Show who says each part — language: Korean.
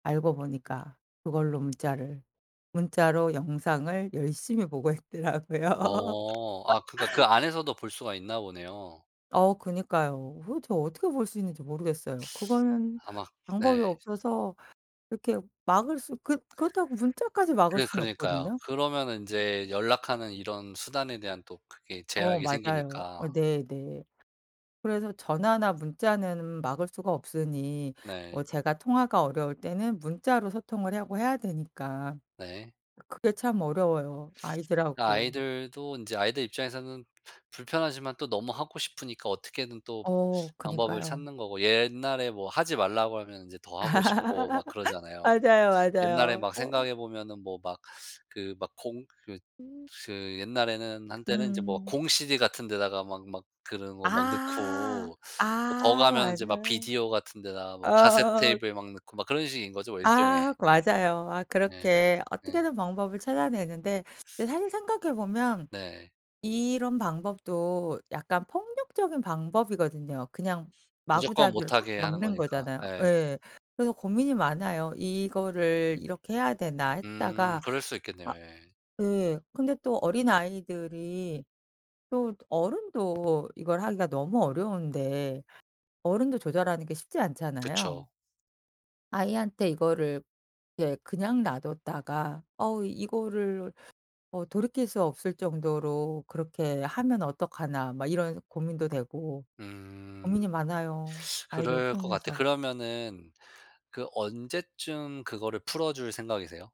Speaker 1: 알고 보니까 그걸로 문자를 문자로 영상을 열심히 보고 있더라고요.
Speaker 2: 어 아 그니까 그 안에서도 볼 수가 있나 보네요.
Speaker 1: 어 그러니까요. 어흐 도대체 어떻게 볼 수 있는지 모르겠어요. 그거는
Speaker 2: 아마
Speaker 1: 방법이
Speaker 2: 네.
Speaker 1: 없어서 그렇게 막을 수 그 그렇다고 문자까지 막을
Speaker 2: 그래
Speaker 1: 수는
Speaker 2: 그러니까요.
Speaker 1: 없거든요.
Speaker 2: 그러면은 인제 연락하는 이런 수단에 대한 또 그게
Speaker 1: 어
Speaker 2: 제약이
Speaker 1: 맞아요. 어
Speaker 2: 생기니까.
Speaker 1: 네네. 그래서 전화나 문자는 막을 수가 없으니
Speaker 2: 네.
Speaker 1: 어 제가 통화가 어려울 때는 문자로 소통을 해 하고 해야 되니까
Speaker 2: 네.
Speaker 1: 그게 참 어려워요.
Speaker 2: 그
Speaker 1: 아이들하고.
Speaker 2: 아이들도 인제 아이들 입장에서는 부 불편하지만 또 너무 하고 싶으니까 어떻게든 또
Speaker 1: 어
Speaker 2: 방법을
Speaker 1: 그니까요.
Speaker 2: 찾는 거고 옛날에 뭐 하지 말라고 하면 인제 더 하고 싶고 막 그러잖아요.
Speaker 1: 맞아요,
Speaker 2: 옛날에
Speaker 1: 맞아요
Speaker 2: 막
Speaker 1: 어.
Speaker 2: 생각해 보면은 뭐 막 그 막 공 그
Speaker 1: 음.
Speaker 2: 그 옛날에는 한때는 이제 뭐
Speaker 1: 음.
Speaker 2: 공CD 같은 데다가 막 막 그런 거 막
Speaker 1: 아
Speaker 2: 넣고 뭐 더
Speaker 1: 아
Speaker 2: 가면은 인제 막
Speaker 1: 맞아요.
Speaker 2: 비디오 같은 데다가 뭐 카세트테이프에 막 넣고 막 그런 식인 거죠 뭐 일종의.
Speaker 1: 아 그 맞아요. 아
Speaker 2: 네
Speaker 1: 그렇게
Speaker 2: 네.
Speaker 1: 어떻게든 방법을 찾아내는데 그 사실 생각해 보면
Speaker 2: 네.
Speaker 1: 이런 방법도 약간 폭력적인 방법이거든요. 그냥
Speaker 2: 무조건
Speaker 1: 마구잡이로
Speaker 2: 못
Speaker 1: 딱
Speaker 2: 하게 하는
Speaker 1: 막는
Speaker 2: 거니까
Speaker 1: 거잖아요.
Speaker 2: 예.
Speaker 1: 예. 그래서 고민이 많아요. '이거를 이렇게 해야 되나.'
Speaker 2: 음
Speaker 1: 했다가
Speaker 2: 그럴 수 있겠네요.
Speaker 1: 아
Speaker 2: 예.
Speaker 1: 예. 근데 또 어린아이들이 또 어른도 이걸 하기가 너무 어려운데 어른도 조절하는 게 쉽지 않잖아요.
Speaker 2: 그쵸.
Speaker 1: 아이한테 이거를 예 그냥 놔 뒀다가 '어 이거를 어 돌이킬 수 없을 정도로 그렇게 하면 어떡하나.' 막 이런 고민도 되고
Speaker 2: 음
Speaker 1: 고민이 많아요 아이들
Speaker 2: 그럴 것 같아요.
Speaker 1: 키우면서.
Speaker 2: 그러면은 그 언제쯤 그거를 풀어 줄 생각이세요?